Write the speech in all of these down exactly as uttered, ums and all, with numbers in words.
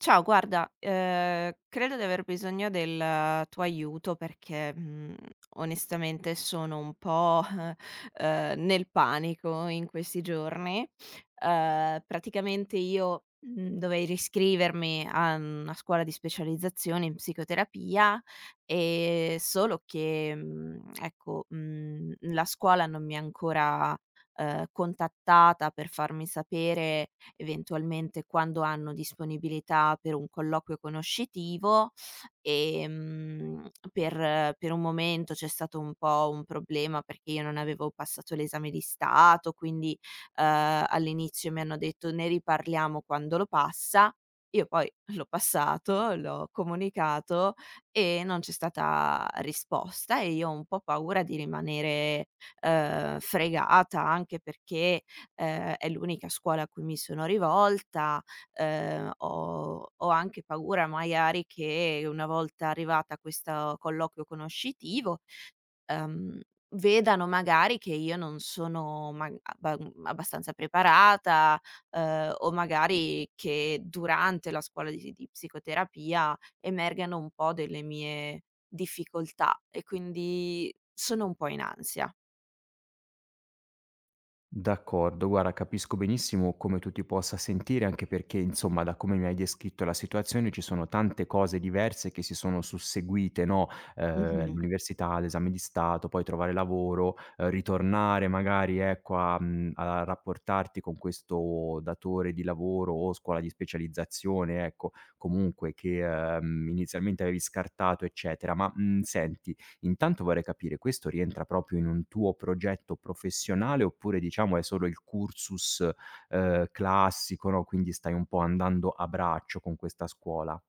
Ciao, guarda, ehm, credo di aver bisogno del tuo aiuto perché, mhmm, onestamente sono un po', ehm, nel panico in questi giorni. Ehm, praticamente io, mhmm, dovei riscrivermi a, mhmm, a scuola di specializzazione in psicoterapia. Ehm, solo che, mhmm, ecco, mhmm, la scuola non mi ha ancora, ehm, contattata per farmi sapere eventualmente quando hanno disponibilità per un colloquio conoscitivo, ehm, per per un momento c'è stato un po' un problema perché io non avevo passato l'esame di Stato, quindi, ehm, all'inizio mi hanno detto: "Ne riparliamo quando lo passa." Io poi l'ho passato, l'ho comunicato e non c'è stata risposta e io ho un po' paura di rimanere, ehm, fregata. Anche perché, ehm, è l'unica scuola a cui mi sono rivolta. Ehm, ho ho anche paura maiari che una volta arrivata a questo colloquio conoscitivo, ehm, vedano magari che io non sono mag aba mhmm, abbastanza preparata, ehm, o magari che durante la scuola di si di psicoterapia emergano un po' delle mie difficoltà e quindi, sono un po' in ansia. D'accordo, guarda capisco benissimo come tu ti possa sentire, anche perché, insomma, da come mi hai descritto la situazione ci sono tante cose diverse che si sono susseguite, no? Ehm, Mh-mh. l'università, l'esame di Stato, poi trovare lavoro, ritornare magari, ecco, a, mhmm, a rapportarti con questo datore di lavoro o scuola di specializzazione, ecco, comunque che, ehm, inizialmente avevi scartato, eccetera. Ma, mhmm, senti, intanto vorrei capire: questo rientra proprio in un tuo progetto professionale oppure, diciamo, è solo il cursus, ehm, classico, no, quindi stai un po' andando a braccio con questa scuola?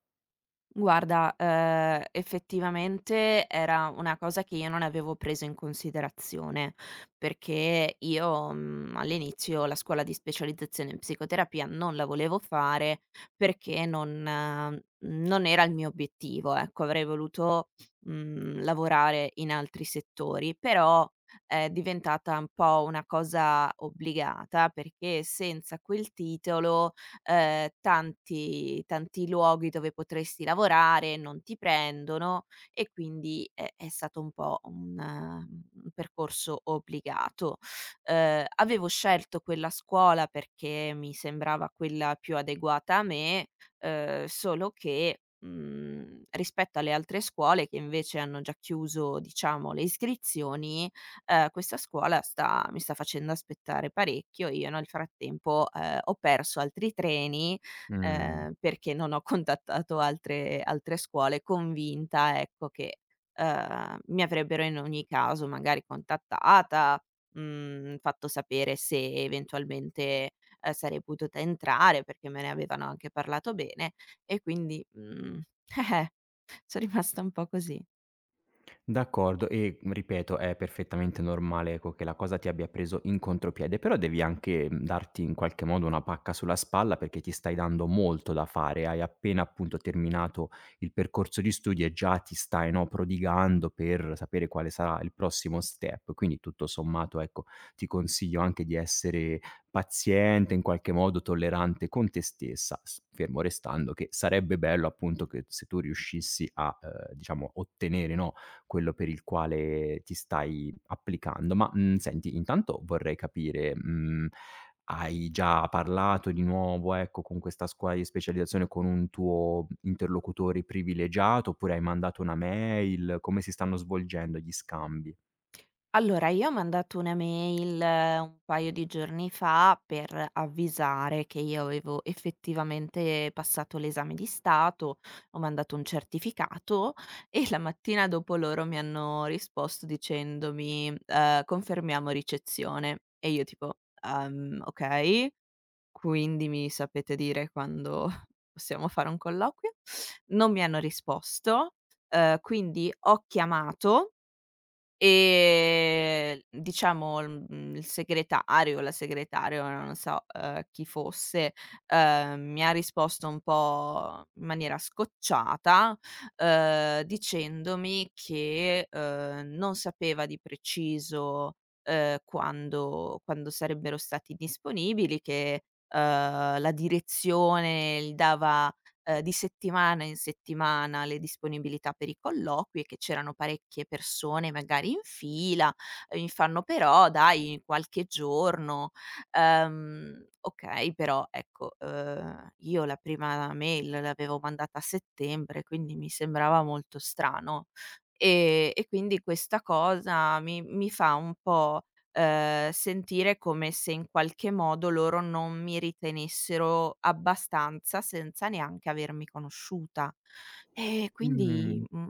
Guarda, ehm, effettivamente era una cosa che io non avevo preso in considerazione, perché io, mhmm, all'inizio la scuola di specializzazione in psicoterapia non la volevo fare perché non non era il mio obiettivo, ecco. Avrei voluto, mhmm, lavorare in altri settori, però è diventata un po' una cosa obbligata perché senza quel titolo, ehm, tanti tanti luoghi dove potresti lavorare non ti prendono e quindi, eh, è stato un po' un un percorso obbligato. Ehm, avevo scelto quella scuola perché mi sembrava quella più adeguata a me, ehm, solo che, mhmm, rispetto alle altre scuole che invece hanno già chiuso diciamo le iscrizioni, ehm, questa scuola sta mi sta facendo aspettare parecchio. Io nel frattempo, ehm, ho perso altri treni, Mh. ehm, perché non ho contattato altre altre scuole, convinta, ecco, che, ehm, mi avrebbero in ogni caso magari contattata, mhmm, fatto sapere se eventualmente, ehm, sarei potuta entrare perché me ne avevano anche parlato bene e quindi, mhmm, son rimasta un po' così. D'accordo, e ripeto, è perfettamente normale, ecco, che la cosa ti abbia preso in contropiede. Però devi anche darti in qualche modo una pacca sulla spalla, perché ti stai dando molto da fare. Hai appena appunto terminato il percorso di studi, e già ti stai, no, prodigando per sapere quale sarà il prossimo step. Quindi tutto sommato, ecco, ti consiglio anche di essere paziente, in qualche modo tollerante con te stessa, fermo restando che sarebbe bello appunto che se tu riuscissi a, ehm, diciamo ottenere, no, quello per il quale ti stai applicando. Ma, mh, senti, intanto vorrei capire, mhmm, hai già parlato di nuovo, ecco, con questa scuola di specializzazione, con un tuo interlocutore privilegiato, oppure hai mandato una mail? Come si stanno svolgendo gli scambi? Allora, io ho mandato una mail un paio di giorni fa per avvisare che io avevo effettivamente passato l'esame di Stato, ho mandato un certificato, e la mattina dopo loro mi hanno risposto dicendomi, ehm: "Confermiamo ricezione". E io tipo: "Ehm, ok, quindi mi sapete dire quando possiamo fare un colloquio?" Non mi hanno risposto, ehm, quindi ho chiamato e, diciamo, mhmm, il segretario o la segretaria, ora non so, ehm, chi fosse, ehm, mi ha risposto un po' in maniera scocciata, ehm, dicendomi che, ehm, non sapeva di preciso, ehm, quando quando sarebbero stati disponibili, che, ehm, la direzione gli dava, ehm, di settimana in settimana le disponibilità per i colloqui e che c'erano parecchie persone magari in fila. Mi fanno: "Però dai, qualche giorno". Ehm, ok, però ecco, ehm, io la prima mail l'avevo mandata a settembre, quindi mi sembrava molto strano. E e quindi questa cosa mi mi fa un po', ehm, sentire come se in qualche modo loro non mi ritenessero abbastanza, senza neanche avermi conosciuta. Eh quindi Mhmm, mh,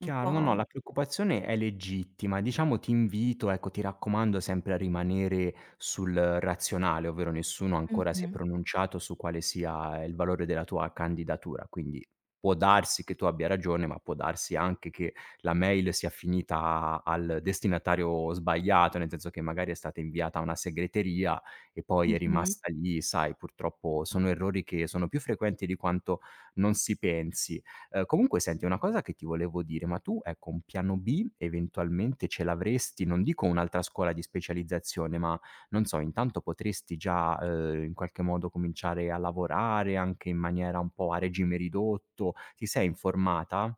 un No, no, po' la preoccupazione è legittima. Diciamo ti invito, ecco, ti raccomando sempre a rimanere sul razionale, ovvero nessuno ancora si è Mh-mh. pronunciato su quale sia il valore della tua candidatura. Quindi, può darsi che tu abbia ragione, ma può darsi anche che la mail sia finita al destinatario sbagliato, nel senso che magari è stata inviata a una segreteria, e poi è Mh-mh. rimasta lì. Sai, purtroppo sono errori che sono più frequenti di quanto non si pensi. Ehm, comunque senti, una cosa che ti volevo dire. Ma tu, ecco, un piano B eventualmente ce l'avresti? Non dico un'altra scuola di specializzazione, ma non so, intanto potresti già, ehm, in qualche modo cominciare a lavorare anche in maniera un po' a regime ridotto. Ti sei informata?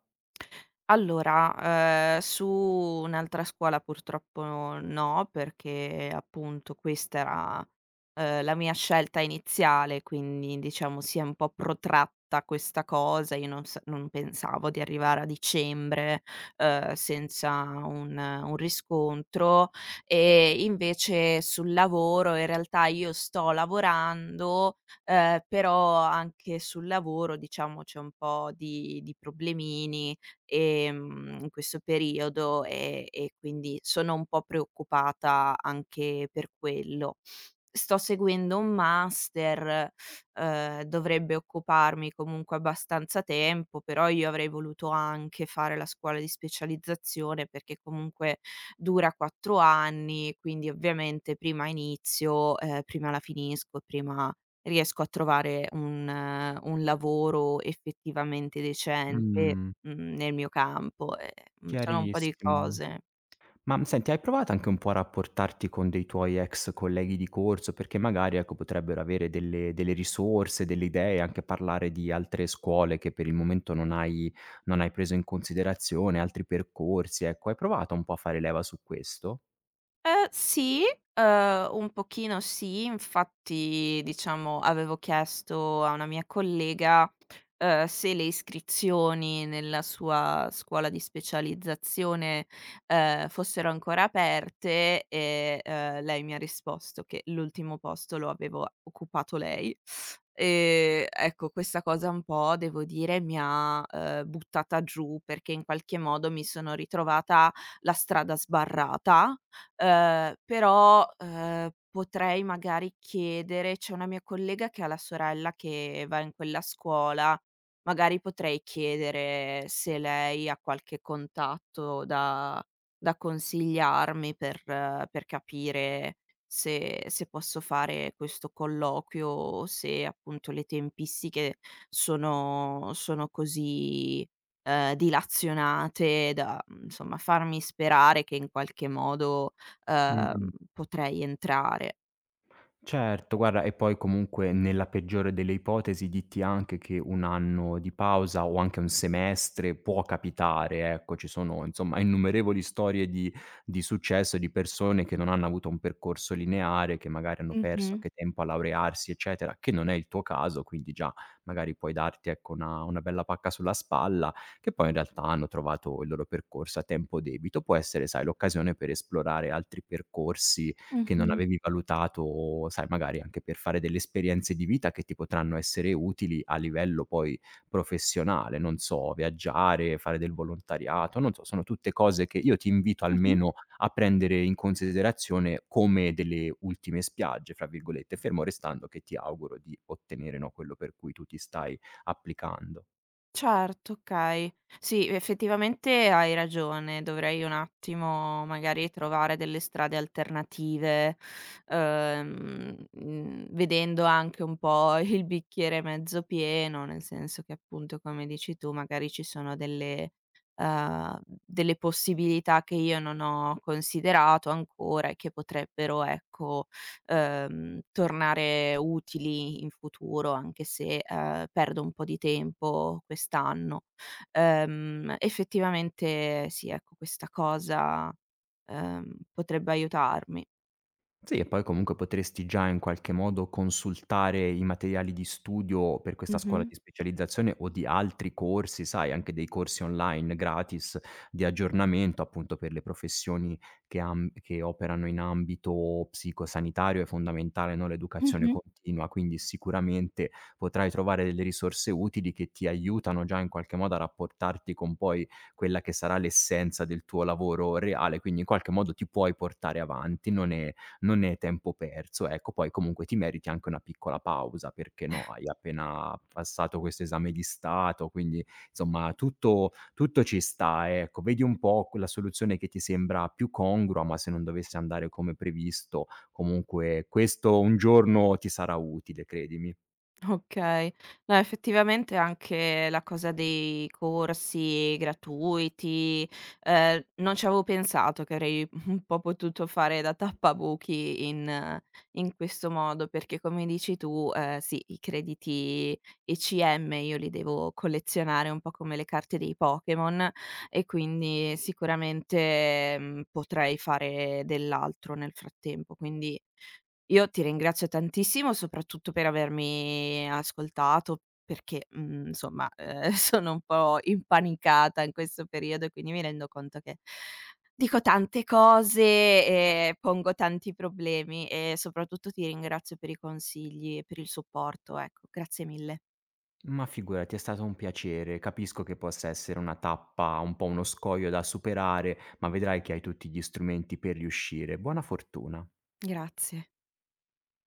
Allora, ehm, su un'altra scuola purtroppo no, perché appunto questa era, ehm, la mia scelta iniziale, quindi diciamo si è un po' protratta questa cosa. Io non sa non pensavo di arrivare a dicembre, ehm, senza un un riscontro. E invece sul lavoro in realtà io sto lavorando, ehm, però anche sul lavoro, diciamo, c'è un po' di di problemini, ehm, in questo periodo e e quindi sono un po' preoccupata anche per quello. Sto seguendo un master, ehm, dovrebbe occuparmi comunque abbastanza tempo, però io avrei voluto anche fare la scuola di specializzazione perché comunque dura quattro anni, quindi ovviamente prima inizio, ehm, prima la finisco, prima riesco a trovare un un lavoro effettivamente decente, Mh. mhmm, nel mio campo. Eh-eh, mhmm, sono un po' di Chiarissimo. cose. Ma, mhmm, senti, hai provato anche un po' a rapportarti con dei tuoi ex colleghi di corso perché magari, ecco, potrebbero avere delle delle risorse, delle idee, anche parlare di altre scuole che per il momento non hai non hai preso in considerazione, altri percorsi, ecco. Hai provato un po' a fare leva su questo? Eh, sì, ehm, un pochino sì, infatti diciamo, avevo chiesto a una mia collega, ehm, se le iscrizioni nella sua scuola di specializzazione, ehm, fossero ancora aperte e, ehm, lei mi ha risposto che l'ultimo posto lo avevo occupato lei. Ehm, ecco, questa cosa un po' devo dire mi ha, ehm, buttata giù perché in qualche modo mi sono ritrovata la strada sbarrata. Ehm, però, ehm, potrei magari chiedere c'è una mia collega che ha la sorella che va in quella scuola, magari potrei chiedere se lei ha qualche contatto da da consigliarmi per per capire se se posso fare questo colloquio, o se appunto le tempistiche sono sono così, ehm, dilazionate da, mhmm, insomma, farmi sperare che in qualche modo, ehm, Mh-mh. potrei entrare. Certo, guarda, e poi comunque, nella peggiore delle ipotesi, ditti anche che un anno di pausa o anche un semestre può capitare, ecco, ci sono insomma innumerevoli storie di di successo di persone che non hanno avuto un percorso lineare, che magari hanno perso Mh-mh. anche tempo a laurearsi eccetera, che non è il tuo caso quindi già magari puoi darti, ecco, una una bella pacca sulla spalla, che poi in realtà hanno trovato il loro percorso a tempo debito. Può essere, sai, l'occasione per esplorare altri percorsi che non Mh-mh. avevi valutato o sai magari anche per fare delle esperienze di vita che ti potranno essere utili a livello poi professionale, non so, viaggiare, fare del volontariato, non so, sono tutte cose che io ti invito Mh-mh. almeno a prendere in considerazione come delle ultime spiagge fra virgolette, fermo restando che ti auguro di ottenere, no, quello per cui tu ti stai applicando. Certo, okay. Sì, effettivamente hai ragione, dovrei un attimo, magari trovare delle strade alternative, ehm, mh, vedendo anche un po' il bicchiere mezzo pieno, nel senso che appunto, come dici tu, magari ci sono delle, ehm, delle possibilità che io non ho considerato ancora e che potrebbero, ecco, ehm, tornare utili in futuro, anche se, ehm, perdo un po' di tempo quest'anno. Ehm, effettivamente sì, ecco, questa cosa, ehm, potrebbe aiutarmi. Sì, e poi comunque potresti già in qualche modo consultare i materiali di studio per questa scuola Mh-mh. di specializzazione o di altri corsi, sai, anche dei corsi online gratis di aggiornamento appunto per le professioni che am che operano in ambito psico sanitario è fondamentale, no, l'educazione Mh-mh. continua. Quindi, sicuramente potrai trovare delle risorse utili che ti aiutano già in qualche modo a rapportarti con poi quella che sarà l'essenza del tuo lavoro reale, quindi in qualche modo ti puoi portare avanti, non è non è tempo perso. Ecco, poi comunque ti meriti anche una piccola pausa, perché no, hai appena passato questo esame di Stato, quindi, insomma tutto tutto ci sta, ecco. Vedi un po' qu la soluzione che ti sembra più congrua, ma se non dovesse andare come previsto, comunque questo un giorno ti sarà utile, credimi. Okay. No, effettivamente anche la cosa dei corsi gratuiti, ehm, non ci avevo pensato che avrei un po' potuto fare da tappabuchi in in questo modo, perché come dici tu, ehm, sì, i crediti ECM io li devo collezionare un po' come le carte dei Pokémon e quindi, sicuramente, mhmm, potrei fare dell'altro nel frattempo. Quindi, io ti ringrazio tantissimo, soprattutto per avermi ascoltato, perché, mhmm, insomma, ehm, sono un po' impanicata in questo periodo e quindi mi rendo conto che dico tante cose e pongo tanti problemi e soprattutto ti ringrazio per i consigli e per il supporto, ecco. Grazie mille. Ma figurati, è stato un piacere. Capisco che possa essere una tappa, un po' uno scoglio da superare, ma vedrai che hai tutti gli strumenti per riuscire. Buona fortuna. Grazie.